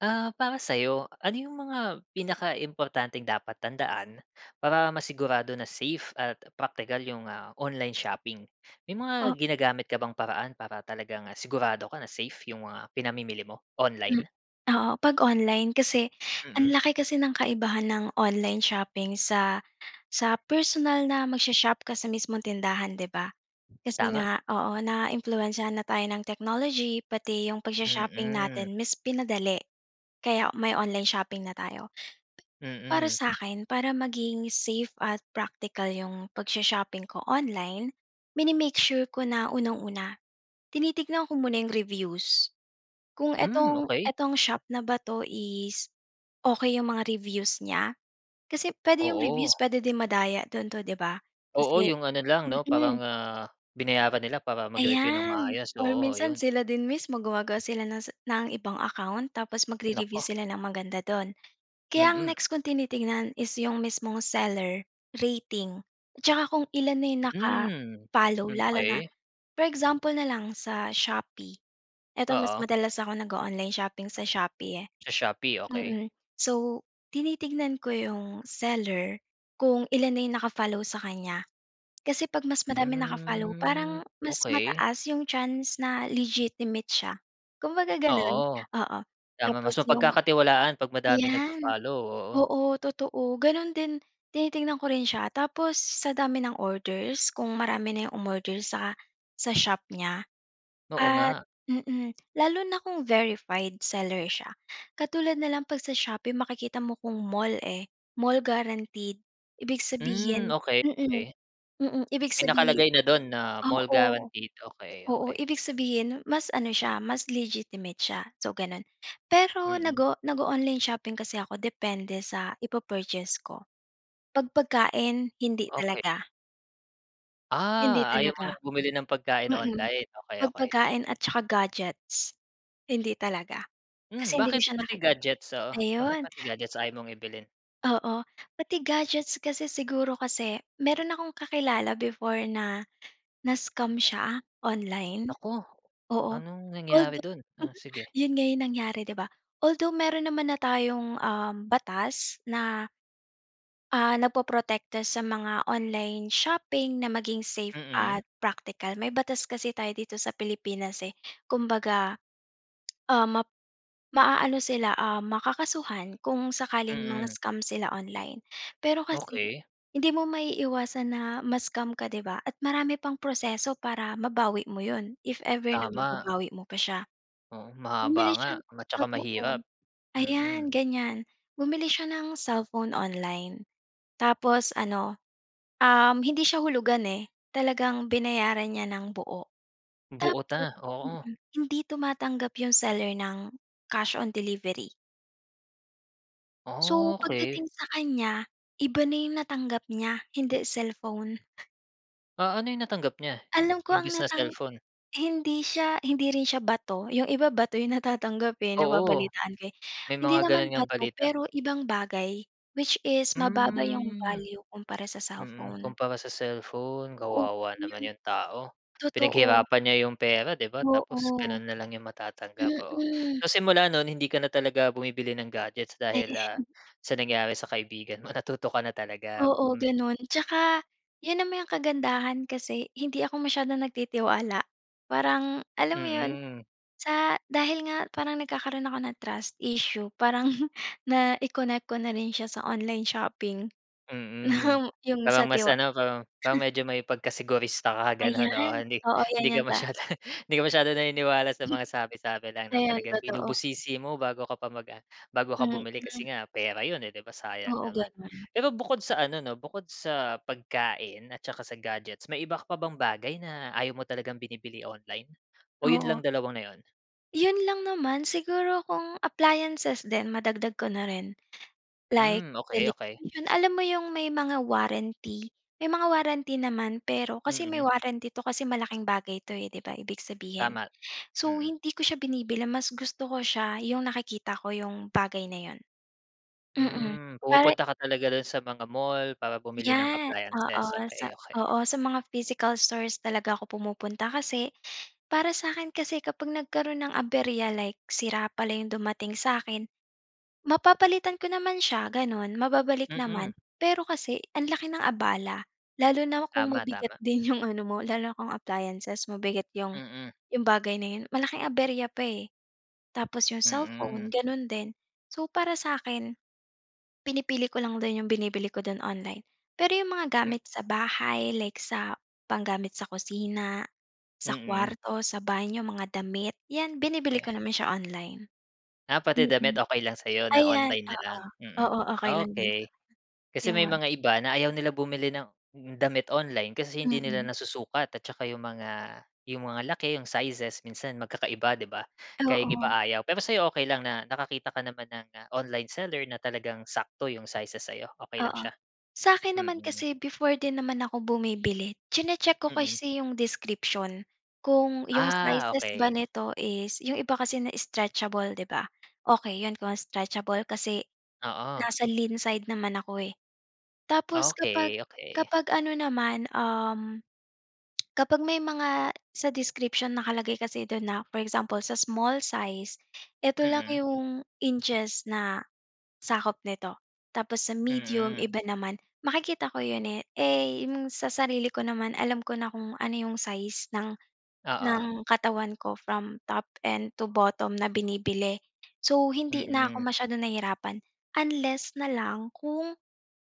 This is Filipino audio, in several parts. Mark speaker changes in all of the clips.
Speaker 1: Ah, para sayo, ano yung mga pinakaimportanteng dapat tandaan, para masigurado na safe at praktikal yung, ah, online shopping. May mga
Speaker 2: Ah
Speaker 1: ginagamit ka bang paraan para talagang sigurado ka na safe yung mga pinamimili mo,
Speaker 2: M
Speaker 1: online?
Speaker 2: oo, 'pag online kasi,
Speaker 1: Mm.
Speaker 2: ang laki kasi ng kaibahan ng online shopping sa sa personal na mag-sho-shop ka sa mismong tindahan 'di ba. Kasi
Speaker 1: Tama.
Speaker 2: nga, oo, na-impluwensyahan na tayo ng technology, pati 'yung pag-sho-shopping
Speaker 1: Mm.
Speaker 2: natin, mas pinadali. Kaya may online shopping na tayo. Para
Speaker 1: Mm.
Speaker 2: sa akin, para maging safe at praktikal 'yung pag-sho-shopping ko online, mini-make sure ko na unang-una, tinitignan ko muna 'yung reviews. Kung
Speaker 1: Hmm,
Speaker 2: etong
Speaker 1: okey.
Speaker 2: etong shop na ba 'to is okey 'yung mga reviews niya, kasi puwede 'yung reviews
Speaker 1: Oo.
Speaker 2: puwede din madaya do'n 'to 'di ba,
Speaker 1: Oo,
Speaker 2: kasi
Speaker 1: 'yung ano lang 'no,
Speaker 2: mm.
Speaker 1: parang, ah, binayaran nila para mag-review ng
Speaker 2: Ayan,
Speaker 1: maayos,
Speaker 2: or
Speaker 1: oo,
Speaker 2: minsan,
Speaker 1: ayun.
Speaker 2: sila din mismo gumagawa sila ng sa ng ibang account tapos
Speaker 1: Naku.
Speaker 2: mag-re-review sila ng maganda do'n. Kaya ang
Speaker 1: Mm.
Speaker 2: next kung tinitingnan is 'yung mismong seller, rating, at saka kung ilan na 'yung
Speaker 1: Hmm,
Speaker 2: naka-follow, lalo na
Speaker 1: okey.
Speaker 2: for example na lang, sa Shopee, eto mas
Speaker 1: Oo.
Speaker 2: madalas ako nag-o-online shopping sa Shopee, eh.
Speaker 1: Sa Shopee, okey.
Speaker 2: Mm, so, tinitignan ko 'yung seller, kung ilan na 'yung naka-follow sa kanya. Kasi 'pag mas madaming naka-follow,
Speaker 1: Hmm,
Speaker 2: parang mas
Speaker 1: okey.
Speaker 2: mataas 'yung chance na legitimate siya, kumbaga, gano'n.
Speaker 1: Oo.
Speaker 2: Oo,
Speaker 1: Tama,
Speaker 2: tapos
Speaker 1: mas
Speaker 2: 'yung
Speaker 1: mapagkakatiwalaan 'pag madaming
Speaker 2: ayan,
Speaker 1: nagfo-follow, oo.
Speaker 2: oo, totoo, gano'n din tinitingnan ko rin siya tapos sa dami ng orders kung marami na 'yung umorder sa sa shop niya.
Speaker 1: Oo
Speaker 2: At
Speaker 1: nga.
Speaker 2: mm, lalo na kung verified seller siya katulad na lang 'pag sa Shopee makikita mo kung mall, eh, mall guaranteed, ibig
Speaker 1: Hmm,
Speaker 2: sabihin
Speaker 1: okey,
Speaker 2: mm,
Speaker 1: okey.
Speaker 2: mm, ibig
Speaker 1: May
Speaker 2: sabihin
Speaker 1: nakalagay na do'n na mall
Speaker 2: oo.
Speaker 1: guaranteed, okey,
Speaker 2: Oo,
Speaker 1: okey.
Speaker 2: ibig sabihin, mas ano siya mas legitimate siya, so, gano'n. Pero nag
Speaker 1: Mm.
Speaker 2: o nag-o-online shopping kasi ako depende sa i-pu-purchase ko, 'pag pagkain hindi
Speaker 1: Okey.
Speaker 2: talaga. Hindi
Speaker 1: Ah, ayaw mo
Speaker 2: talaga.
Speaker 1: ng bumili ng pagkain
Speaker 2: Mm.
Speaker 1: online, okey,
Speaker 2: Pag
Speaker 1: okey
Speaker 2: pagkain
Speaker 1: sige.
Speaker 2: at saka gadgets. Hindi talaga.
Speaker 1: Hmm,
Speaker 2: Kasi hindi ko
Speaker 1: bakit
Speaker 2: siya
Speaker 1: pati
Speaker 2: nakiki
Speaker 1: gadgets, oo, bakit
Speaker 2: ayun.
Speaker 1: pati gadgets ayaw mong i bilhin?
Speaker 2: Oo, pati gadgets, kasi siguro kasi meron akong kakilala before na na-scam siya, online,
Speaker 1: Naku,
Speaker 2: oo.
Speaker 1: anong nangyari
Speaker 2: Although
Speaker 1: do'n? Oh, sige.
Speaker 2: 'yun nga, 'yung nangyari, di ba? Although meron naman na tayong, ah, batas na ah, nagpoprotekta sa mga online shopping na maging safe
Speaker 1: Mm.
Speaker 2: at practical, may batas kasi tayo dito sa Pilipinas, eh. Kumbaga, ah, map maaano sila, ah, makakasuhan kung sakaling
Speaker 1: Mm.
Speaker 2: mang-scam sila online. Pero kasi
Speaker 1: Okey.
Speaker 2: hindi mo maiiwasan na ma-scam ka di ba at marami pang proseso para mabawi mo 'yon if ever na
Speaker 1: Tama.
Speaker 2: mababawi mo pa siya.
Speaker 1: Oo, mahaba
Speaker 2: Bumili
Speaker 1: nga
Speaker 2: siya ng
Speaker 1: at saka
Speaker 2: totoo
Speaker 1: mahirap. Mm.
Speaker 2: ayan, ganiyan, bumili siya ng cellphone online, tapos ano, um, hindi siya hulugan, eh, talagang binayaran niya ng buo.
Speaker 1: Buo na,
Speaker 2: Tapos
Speaker 1: oo.
Speaker 2: mm, hindi tumatanggap 'yung seller ng cash on delivery. So
Speaker 1: Okey.
Speaker 2: pagdating sa kanya, iba na yung natanggap niya. Hindi cellphone.
Speaker 1: Ah, ano 'yong natanggap niya? I
Speaker 2: Alam ko ang
Speaker 1: imbes na
Speaker 2: natang
Speaker 1: cellphone?
Speaker 2: hindi siya hindi rin siya bato, 'yong iba bato 'yong natatanggap, eh,
Speaker 1: Oo,
Speaker 2: nababalitaan ko, eh.
Speaker 1: may
Speaker 2: Hindi
Speaker 1: mga ganun
Speaker 2: naman
Speaker 1: ngang
Speaker 2: bato
Speaker 1: balita.
Speaker 2: pero ibang bagay, which is mababa 'yong
Speaker 1: Mm.
Speaker 2: value kumpara sa
Speaker 1: Mm,
Speaker 2: cellphone.
Speaker 1: kumpara sa cellphone.
Speaker 2: Oo,
Speaker 1: Kawawa
Speaker 2: yun
Speaker 1: naman 'yong tao.
Speaker 2: totoo.
Speaker 1: Pinaghirapan niya 'yong pera, 'di ba, tapos
Speaker 2: Oo.
Speaker 1: gano'n na lang 'yong matatanggap, oo.
Speaker 2: Mm.
Speaker 1: So simula no'n hindi ka na talaga bumibili ng gadgets
Speaker 2: Ay,
Speaker 1: dahil, ah, sa nangyari sa kaibigan mo, natuto ka na talaga.
Speaker 2: Oo,
Speaker 1: Mm.
Speaker 2: gano'n. Tsaka 'yon naman yung kagandahan kasi hindi ako masyadong nagtitiwala. Parang alam mo 'yon,
Speaker 1: Mm.
Speaker 2: sa dahil nga parang nagkakaroon ako ng trust issue parang nai-connect ko na rin siya sa online shopping.
Speaker 1: Mm.
Speaker 2: 'Yong sa
Speaker 1: Parang mas
Speaker 2: tiwa
Speaker 1: ano parang parang medyo may pagkasegurista ka gano'n, oo,
Speaker 2: Ayan,
Speaker 1: hindi
Speaker 2: oo 'yan
Speaker 1: hindi ka
Speaker 2: 'yan ta
Speaker 1: masyado hindi ka masyadong naniniwala sa mga sabi-sabi lang, 'no,
Speaker 2: Ayan,
Speaker 1: talagang
Speaker 2: totoo.
Speaker 1: binubusisi mo bago ka pa mag ah, bago ka bumili kasi
Speaker 2: Mm.
Speaker 1: nga, pera 'yon, eh, 'di ba sayang
Speaker 2: Oo,
Speaker 1: naman.
Speaker 2: ganun.
Speaker 1: Pero bukod sa ano 'no, bukod sa pagkain at saka sa gadgets, may iba ka pa bang bagay na ayaw mo talagang binibili online? O, 'yon
Speaker 2: Oo.
Speaker 1: lang dalawa na 'yon?
Speaker 2: Yun lang naman, siguro kung appliances din, madagdag ko na rin. Like,
Speaker 1: Hmm, okey, okey.
Speaker 2: television, alam mo 'yong may mga warranty? May mga warranty naman, pero, kasi may
Speaker 1: Mm.
Speaker 2: warranty 'to, kasi malaking bagay 'to eh, 'di ba? Ibig sabihin.
Speaker 1: Tama,
Speaker 2: So,
Speaker 1: mm.
Speaker 2: hindi ko siya binibili, mas gusto ko siya, 'yong nakikita ko 'yong, bagay na 'yon. Mm,
Speaker 1: Hmm,
Speaker 2: para.
Speaker 1: pumupunta ka talaga dun sa mga mall, para bumili ng
Speaker 2: Yan,
Speaker 1: appliances,
Speaker 2: oo sa
Speaker 1: okey, okey.
Speaker 2: oo, sa mga physical stores talaga ako pumupunta kasi, para sa'kin kasi kapag nagkaroon ng aberya, like, sira pala 'yong dumating sa'kin, mapapalitan ko naman siya, gano'n, mababalik naman.
Speaker 1: Mm.
Speaker 2: Pero kasi, ang laki ng abala, lalo na kung
Speaker 1: Tama,
Speaker 2: mabigat
Speaker 1: tama.
Speaker 2: din 'yong ano mo, lalo na kung appliances, mabigat 'yong,
Speaker 1: Mm.
Speaker 2: 'yong bagay na 'yon, malaking aberya pa eh. Tapos 'yong cellphone,
Speaker 1: Mm.
Speaker 2: gano'n din. So para sa'kin, pinipili ko lang dun 'yong binibili ko dun, online. Pero 'yong mga
Speaker 1: Hmm.
Speaker 2: gamit sa bahay, like sa pang-gamit sa kusina, sa
Speaker 1: Mm.
Speaker 2: kuwarto, sa banyo, mga damit, 'yan binibili
Speaker 1: Eh
Speaker 2: ko naman siya online.
Speaker 1: Ah, pati damit
Speaker 2: Mm.
Speaker 1: okey lang sa 'yo na
Speaker 2: Ayan,
Speaker 1: online na
Speaker 2: oo,
Speaker 1: lang, mm,
Speaker 2: oo, okey lang din.
Speaker 1: okey. Kasi may
Speaker 2: Yo'n.
Speaker 1: mga iba, na ayaw nila bumili ng, damit online, kasi hindi nila
Speaker 2: Mm.
Speaker 1: nasusukat, at tsaka 'yong mga, 'yong mga laki, 'yong sizes, minsan magkakaiba, 'di ba? Kaya yung iba
Speaker 2: Oo.
Speaker 1: ayaw, pero sa'yo okay lang na, nakakita ka naman ng online seller, na talagang sakto 'yong sizes sa'yo, okey lang
Speaker 2: Oo.
Speaker 1: siya?
Speaker 2: Sa'kin naman
Speaker 1: Mm.
Speaker 2: kasi, before din naman ako bumibili, chine-check ko
Speaker 1: Mm.
Speaker 2: kasi 'yong description, kung 'yong
Speaker 1: Ah,
Speaker 2: sizes ba
Speaker 1: okey.
Speaker 2: nito is 'yong iba kasi na, stretchable 'di ba? Okay 'yon kung stretchable kasi,
Speaker 1: Oo.
Speaker 2: nasa lean side naman ako eh. Tapos kapag
Speaker 1: Okey, okey.
Speaker 2: kapag ano naman, um, kapag may mga, sa description nakalagay kasi do'n na, for example, sa small size, ito lang
Speaker 1: Mm.
Speaker 2: 'yong, inches na, sakop nito. Tapos sa medium,
Speaker 1: Mm.
Speaker 2: iba naman, makikita ko 'yon eh, eh, 'yong sa sarili ko naman, alam ko na kung ano 'yong size ng
Speaker 1: Oo.
Speaker 2: ng katawan ko, from top end to bottom na binibili. So, hindi na ako
Speaker 1: Mm.
Speaker 2: masyadong nahirapan, unless na lang, kung,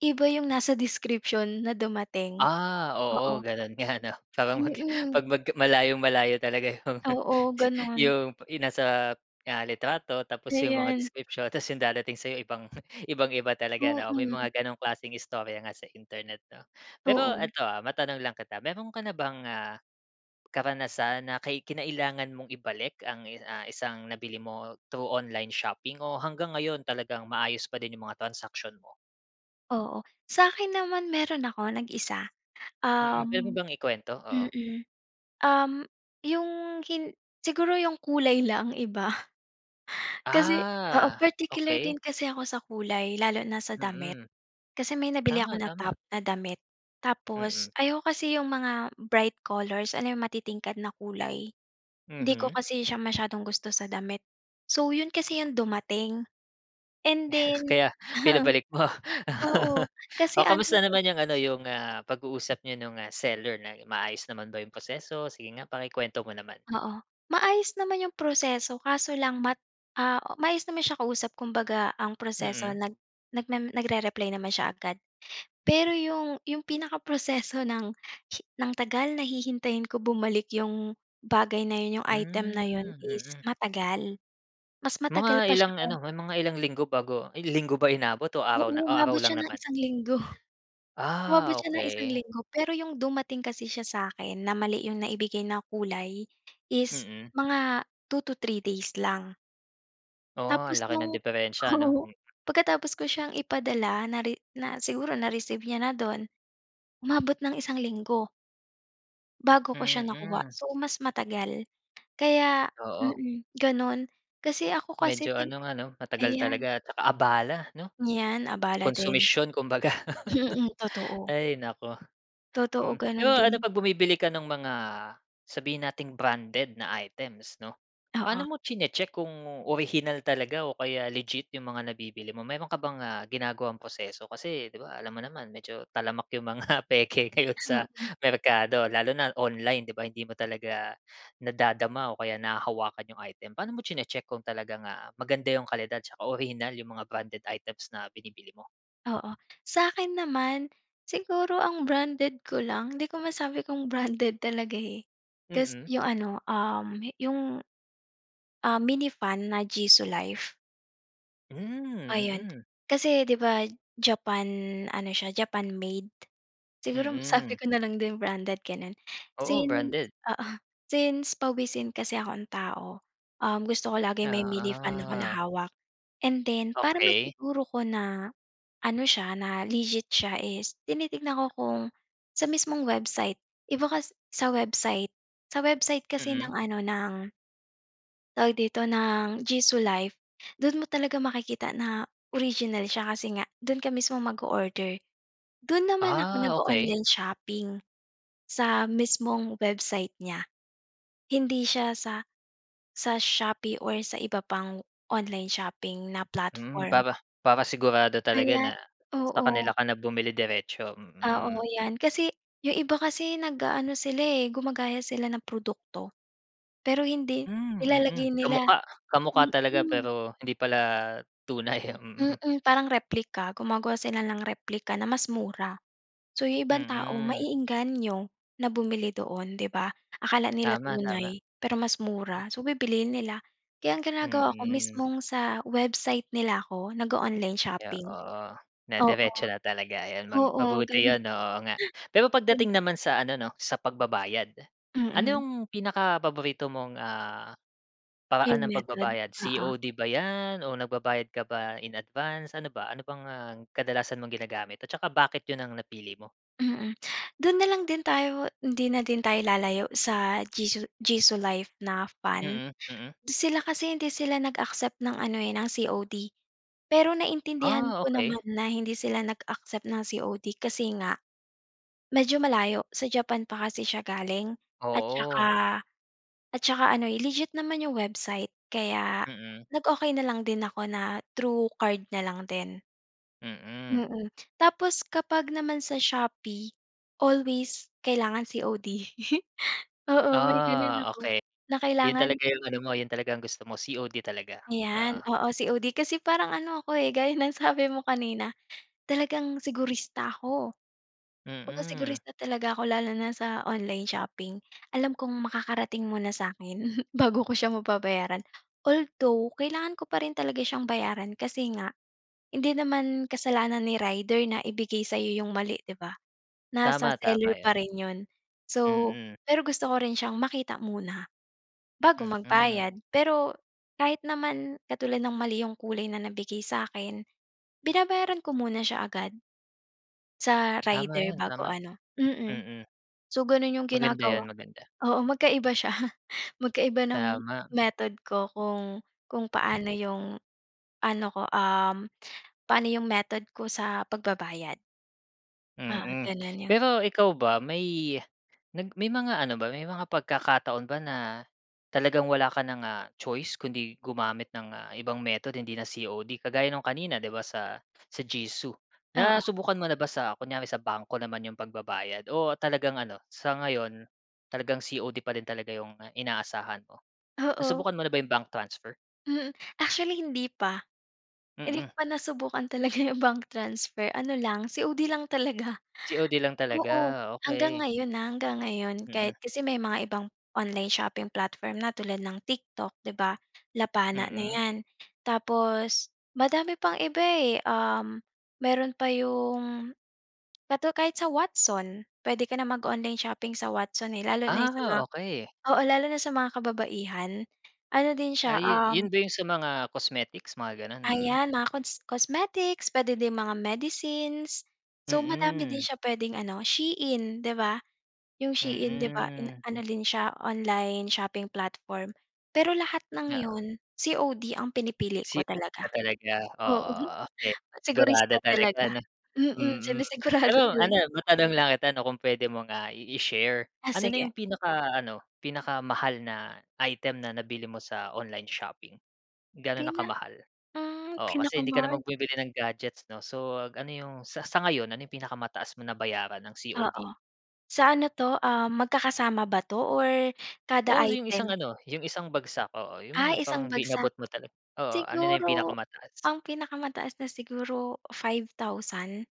Speaker 2: iba 'yong nasa description, na dumating.
Speaker 1: Ah, oo
Speaker 2: Oo.
Speaker 1: gano'n nga, 'no? Parang mag
Speaker 2: Mm.
Speaker 1: pag mag malayong-malayo talaga 'yong,
Speaker 2: Oo, gano'n.
Speaker 1: 'yong, 'yong nasa, ah, litrato, tapos 'yong mga
Speaker 2: Ayan.
Speaker 1: description, tapos 'yong darating sa'yo, ibang, ibang-iba talaga 'no? May
Speaker 2: Mm.
Speaker 1: mga gano'ng klaseng istorya nga, sa Internet 'no? Pero
Speaker 2: Oo.
Speaker 1: eto, ah, matanong lang kita, meron ka na bang, ah, karanasan, na kay kinailangan mong ibalik ang i ah, isang nabili mo, through online shopping, o hanggang ngayon, talagang maayos pa din 'yong mga transaction mo?
Speaker 2: Oo. Sa'kin naman, meron ako nag-isa.
Speaker 1: Mm, puwede mo
Speaker 2: Um,
Speaker 1: bang ikuwento? Oo.
Speaker 2: mm, um, yung hin siguro yung kulay lang iba. Kasi oo,
Speaker 1: Ah,
Speaker 2: particular
Speaker 1: okey.
Speaker 2: din kasi ako sa kulay, lalo na sa damit.
Speaker 1: Mm.
Speaker 2: Kasi may nabili ako
Speaker 1: Tama,
Speaker 2: na
Speaker 1: tama.
Speaker 2: top, na damit, tapos,
Speaker 1: Mm.
Speaker 2: ayaw ko kasi yung mga bright colors, alam mo yung matitingkad na kulay. Hindi ko
Speaker 1: Mhm.
Speaker 2: kasi siya masyadong gusto sa damit. So 'yon, kasi yung dumating and then
Speaker 1: Kaya pinabalik mo?
Speaker 2: Oo, kasi
Speaker 1: O,
Speaker 2: ano
Speaker 1: kamusta
Speaker 2: eh
Speaker 1: naman yung ano, yung, ah, pag-uusap niyo no'ng, ah, seller, na maayos naman ba yung proseso? Sige nga pakikuwento mo naman.
Speaker 2: Oo, maayos naman yung proseso, kaso lang mat ah, maayos naman siya kausap, kumbaga, ang proseso
Speaker 1: Mm.
Speaker 2: nag nagme nag-re-reply naman siya agad. Pero yung yung pinakaproseso ng hi ng tagal na hihintayin ko bumalik yung bagay na 'yon, yung item na 'yon,
Speaker 1: Hmm,
Speaker 2: is
Speaker 1: mm.
Speaker 2: matagal. Mas
Speaker 1: Mga
Speaker 2: matagal pa siya
Speaker 1: ilang
Speaker 2: kung
Speaker 1: ano, may mga ilang linggo, bago linggo ba inabot o araw na
Speaker 2: Oo,
Speaker 1: o araw
Speaker 2: umabot siya
Speaker 1: lang
Speaker 2: ng
Speaker 1: naman?
Speaker 2: isang linggo,
Speaker 1: Ah,
Speaker 2: umabot siya ng isang
Speaker 1: okey.
Speaker 2: linggo, pero yung dumating kasi siya sa'kin, na mali yung naibigay ng kulay, is
Speaker 1: Mm.
Speaker 2: mga 2 to 3 days lang.
Speaker 1: Oh, ang
Speaker 2: Tapos
Speaker 1: laki ng
Speaker 2: no'ng
Speaker 1: diperensiya, 'no?
Speaker 2: oo.
Speaker 1: Mm.
Speaker 2: Pagkatapos ko siyang ipadala nari na siguro na-receive niya na do'n, umabot ng isang linggo. Bago ko siya nakuha,
Speaker 1: Mm.
Speaker 2: so, mas matagal. Kaya,
Speaker 1: Oo.
Speaker 2: mm, gano'n kasi ako kasi
Speaker 1: Medyo
Speaker 2: tin
Speaker 1: ano nga, 'no, matagal
Speaker 2: ayan.
Speaker 1: talaga, at saka abala, 'no?
Speaker 2: Yan, abala din.
Speaker 1: Konsumisyon kumbaga.
Speaker 2: Mhm, totoo.
Speaker 1: Ay, naku.
Speaker 2: Totoo,
Speaker 1: Mm. Pero
Speaker 2: gano'n
Speaker 1: ano,
Speaker 2: din.
Speaker 1: 'pag bumibili ka no'ng mga, sabihin nating branded na items, 'no, paano
Speaker 2: Oo.
Speaker 1: mo chine-check kung orihinal talaga o kaya legit, yung mga nabibili mo. Meron ka bang, ah, ginagawang proseso, kasi 'di ba, alam mo naman, medyo talamak yung mga peke ngayon sa
Speaker 2: Mm.
Speaker 1: merkado. Lalo na online, 'di ba, hindi mo talaga nadadama o kaya nahahawakan yung item. Paano mo chine-check kung talagang, ah, maganda yung kalidad tsaka orihinal yung mga branded items na binibili mo?
Speaker 2: Oo. Sa'kin naman, siguro ang branded ko lang, hindi ko masabi kung branded talaga eh, kasi
Speaker 1: Mm.
Speaker 2: yung ano, um, yung, ah, mini fan na Jisulife.
Speaker 1: Hmm,
Speaker 2: Ayun,
Speaker 1: mm.
Speaker 2: kasi 'di ba, Japan ano siya, Japan made. Siguro
Speaker 1: Mm.
Speaker 2: sabi ko na lang din branded, gano'n.
Speaker 1: Oo,
Speaker 2: Since
Speaker 1: branded.
Speaker 2: oo, since pawisin kasi akong tao, um, gusto ko laging may mini-fan ako na
Speaker 1: Oo.
Speaker 2: hawak. And then, para
Speaker 1: Okey.
Speaker 2: masiguro ko na, ano siya, na legit siya is, tinitingnan ko kung, sa mismong website. Iba kas sa website sa website kasi
Speaker 1: Mm.
Speaker 2: ng ano, ng tawag dito, ng Jisu Life, do'n mo talaga makikita na original siya, kasi nga do'n ka mismong mag-o-order. Do'n naman ako
Speaker 1: Ah, okey.
Speaker 2: nag-o-online shopping, sa mismong website niya. Hindi siya sa sa Shopee or sa iba pang online shopping na
Speaker 1: Hmm,
Speaker 2: platform.
Speaker 1: para para sigurado talaga
Speaker 2: Kaya
Speaker 1: na, sa
Speaker 2: oo.
Speaker 1: kanila ka na bumili diretso,
Speaker 2: Oo
Speaker 1: mm.
Speaker 2: 'yan, kasi 'yong iba kasi nag-aano sila, eh, gumagaya sila ng produkto. Pero hindi
Speaker 1: Hmm, mm,
Speaker 2: nilalagay nila
Speaker 1: kamukha. Kamukha talaga
Speaker 2: mm.
Speaker 1: pero hindi pala tunay, mm.
Speaker 2: Mm, parang replika, gumagawa sila ng replika na mas mura. So, 'yong ibang tao
Speaker 1: Mm.
Speaker 2: maeengganyo na bumili doon, 'di ba? Akala nila
Speaker 1: Tama, tama.
Speaker 2: tunay, pero mas mura. So bibilihin nila, kaya ang ginagawa ko,
Speaker 1: Mm.
Speaker 2: mismong sa website nila ako nag-o-online
Speaker 1: Yo
Speaker 2: shopping.
Speaker 1: oo, na
Speaker 2: Oo.
Speaker 1: diretso na talaga, ayon mang
Speaker 2: Oo,
Speaker 1: mabuti
Speaker 2: gano'n.
Speaker 1: 'yon, o oo nga. Pero,
Speaker 2: Gan
Speaker 1: pagdating naman sa ano 'no, sa pagbabayad, ano
Speaker 2: Mm.
Speaker 1: 'yong pinakapaborito mong, ah,
Speaker 2: 'Yong
Speaker 1: paraan ng
Speaker 2: method,
Speaker 1: pagbabayad,
Speaker 2: oo.
Speaker 1: COD ba 'yan o nagbabayad ka ba, in advance? Ano ba ano bang ang kadalasan mong ginagamit, at saka bakit 'yon ang napili mo?
Speaker 2: Mm, do'n na lang din tayo hindi na din tayo lalayo sa Jisu Jisu Life na fan.
Speaker 1: Mm, mm.
Speaker 2: Sila kasi hindi sila nag-accept ng ano, eh, ng COD. Pero, naiintindihan
Speaker 1: Ah,
Speaker 2: ko
Speaker 1: okey.
Speaker 2: naman na hindi sila nag-accept ng COD, kasi nga, medyo malayo, sa Japan pa kasi siya galing. At saka
Speaker 1: Oo.
Speaker 2: at tsaka ano, eh, legit naman 'yong website. Kaya
Speaker 1: Mm.
Speaker 2: nag okey na lang din ako na, through card na lang din.
Speaker 1: Mm.
Speaker 2: Mm. Tapos kapag naman sa Shopee, always kailangan COD. Oo, may ganun
Speaker 1: Ah,
Speaker 2: ako,
Speaker 1: okey.
Speaker 2: na
Speaker 1: 'Yun talaga
Speaker 2: kailangan
Speaker 1: 'yung ano mo, 'yon talaga ang gusto mo, COD talaga,
Speaker 2: Ayan,
Speaker 1: oo.
Speaker 2: oo, COD kasi parang ano ako, eh, gaya ng sabi mo kanina, talagang sigurista ako. Oo,
Speaker 1: Mm.
Speaker 2: sigurista talaga ako lalo na sa online shopping. Alam kong makakarating muna sa'kin bago ko siya mababayaran. Although kailangan ko pa rin talaga siyang bayaran kasi nga, hindi naman kasalanan ni rider na ibigay sa'yo 'yung mali, di ba? Nasa
Speaker 1: Tama,
Speaker 2: seller
Speaker 1: tama
Speaker 2: pa
Speaker 1: 'yun.
Speaker 2: rin 'yun. So,
Speaker 1: Mm.
Speaker 2: pero gusto ko rin siyang makita muna bago
Speaker 1: Mm.
Speaker 2: magbayad. Pero kahit naman katulad ng mali 'yung kulay na nabigay sa'kin, binabayaran ko muna siya agad, sa
Speaker 1: Tama
Speaker 2: rider
Speaker 1: 'yun,
Speaker 2: bago
Speaker 1: tama,
Speaker 2: ano mm.
Speaker 1: mm.
Speaker 2: So, gano'n 'yung
Speaker 1: Maganda
Speaker 2: ginagawa
Speaker 1: 'yun, maganda.
Speaker 2: oo, magkaiba siya, magkaiba ng
Speaker 1: Tama.
Speaker 2: method ko kung kung paano 'yung ano ko, um, paano 'yung method ko sa pagbabayad. Ah,
Speaker 1: Mm.
Speaker 2: gano'n 'yon.
Speaker 1: Pero ikaw ba may nag may mga ano ba may mga pagkakataon ba na talagang wala ka na ng, ah, choice kundi gumamit ng, ah, ibang method, hindi na COD kagaya no'ng kanina, 'di ba, sa sa Jisu.
Speaker 2: Oo.
Speaker 1: Nasubukan mo na ba sa kunyari sa bangko naman 'yong pagbabayad, o talagang ano sa ngayon, talagang COD pa rin talaga 'yong inaasahan mo?
Speaker 2: Oo.
Speaker 1: Nasubukan mo na ba 'yong bank transfer?
Speaker 2: Mm, actually hindi pa. Hindi ko
Speaker 1: Mm.
Speaker 2: pa nasubukan talaga 'yong bank transfer, ano lang, COD lang talaga.
Speaker 1: COD lang talaga,
Speaker 2: Oo, hanggang
Speaker 1: okey.
Speaker 2: ngayon, ah, hanggang ngayon kahit
Speaker 1: Mm.
Speaker 2: kasi may mga ibang online shopping platform na tulad ng TikTok, 'di ba? Lapana na
Speaker 1: Mm.
Speaker 2: 'yan. Tapos madami pang iba, eh, um, mayro'n pa 'yung, katu kahit sa Watson, puwede ka na mag-online shopping sa Watson, eh, lalo na sa mga
Speaker 1: Ah, okey.
Speaker 2: oo, lalo na sa mga kababaihan, ano din siya,
Speaker 1: Ay, 'yun 'yun
Speaker 2: um
Speaker 1: ba 'yung sa mga cosmetics, mga gano'n? Mm.
Speaker 2: Ayan, mga cons cosmetics, puwede din mga medicines. So madami din
Speaker 1: Mm.
Speaker 2: siya puwedeng ano, SHEIN, 'di ba? 'Yong SHEIN, 'di ba, in
Speaker 1: Mm.
Speaker 2: ano din siya online shopping platform. Pero lahat ng
Speaker 1: Oo.
Speaker 2: 'yon, COD ang pinipili ko
Speaker 1: COD
Speaker 2: talaga.
Speaker 1: na talaga,
Speaker 2: Oo,
Speaker 1: oo, okey, sigurado
Speaker 2: segurista
Speaker 1: talaga
Speaker 2: talaga.
Speaker 1: ano?
Speaker 2: Mm,
Speaker 1: Mm. Pero
Speaker 2: sinisigurado
Speaker 1: ano,
Speaker 2: talaga.
Speaker 1: matanong lang kita, 'no, kung puwede mong, ah, i i-share,
Speaker 2: Ah,
Speaker 1: ano na
Speaker 2: sige.
Speaker 1: 'yung pinaka-ano pinakamahal na item na nabili mo sa online shopping? Gaano na
Speaker 2: Pina
Speaker 1: kamahal?
Speaker 2: ah,
Speaker 1: Oo, kasi hindi ka
Speaker 2: pinakamahal.
Speaker 1: naman bumibili ng gadgets, 'no, so ano 'yung sa sa ngayon, ano 'yung pinakamataas mo nabayaran ng
Speaker 2: Oo,
Speaker 1: COD?
Speaker 2: sa ano 'to, ah, magkakasama ba 'to or kada
Speaker 1: Oo, 'yung isang
Speaker 2: item?
Speaker 1: ano 'yung isang bagsak, oo, 'yung mga
Speaker 2: Ah,
Speaker 1: parang
Speaker 2: isang
Speaker 1: b
Speaker 2: bagsak.
Speaker 1: inabot mo talaga, oo, ano na 'yung
Speaker 2: Siguro
Speaker 1: pinakamataas?
Speaker 2: ang pinakamataas na siguro, 5000.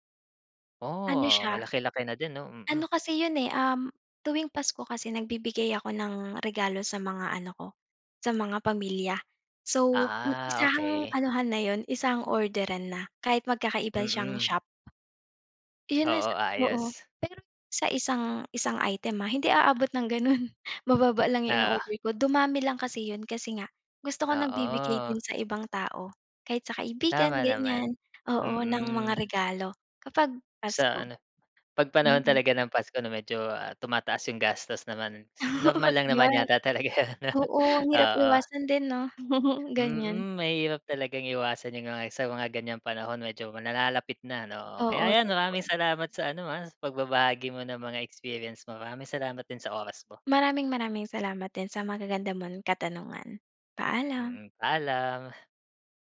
Speaker 2: Ano
Speaker 1: Oh,
Speaker 2: siya,
Speaker 1: malaki-laki na din 'no,
Speaker 2: ano
Speaker 1: mm.
Speaker 2: kasi 'yon, eh, um, tuwing Pasko kasi nagbibigay ako ng regalo sa mga ano ko, sa mga pamilya. So, eh,
Speaker 1: Ah,
Speaker 2: isahang
Speaker 1: okey.
Speaker 2: anuhan na 'yon isahang orderan na, kahit magkakaiba siyang
Speaker 1: Mm.
Speaker 2: shop. 'Yon na
Speaker 1: Oo,
Speaker 2: sa oo.
Speaker 1: ayos.
Speaker 2: Pero sa isang isang item, ah, hindi aabot ng gano'n, mababa lang 'yong
Speaker 1: Oo.
Speaker 2: ino-order ko, dumami lang kasi 'yon kasi nga gusto ko nagbibigay
Speaker 1: Oo.
Speaker 2: din sa ibang tao kahit sa kaibigan
Speaker 1: Tama naman,
Speaker 2: ganiyan, oo, ng mga
Speaker 1: mm.
Speaker 2: regalo kapag
Speaker 1: Sa
Speaker 2: Pasko.
Speaker 1: ano pag panahon
Speaker 2: Mm.
Speaker 1: talaga ng Pasko, 'no, medyo, ah, tumataas 'yung gastos naman, si
Speaker 2: Oo,
Speaker 1: normal lang naman
Speaker 2: 'yun.
Speaker 1: yata talaga 'yan 'no
Speaker 2: Oo, ang hirap
Speaker 1: oo.
Speaker 2: iwasan din 'no, ganiyan.
Speaker 1: Mm, mahirap talagang iwasan 'yung mga sa mga ganiyang panahon, medyo ma nalalapit na 'no, o, kaya
Speaker 2: Oo,
Speaker 1: 'yan,
Speaker 2: totoo.
Speaker 1: maraming salamat sa ano, ah, pagbabahagi mo ng mga experience mo, maraming salamat din sa oras mo.
Speaker 2: Maraming maraming salamat din sa magaganda mong katanungan, paalam.
Speaker 1: Mm, paalam.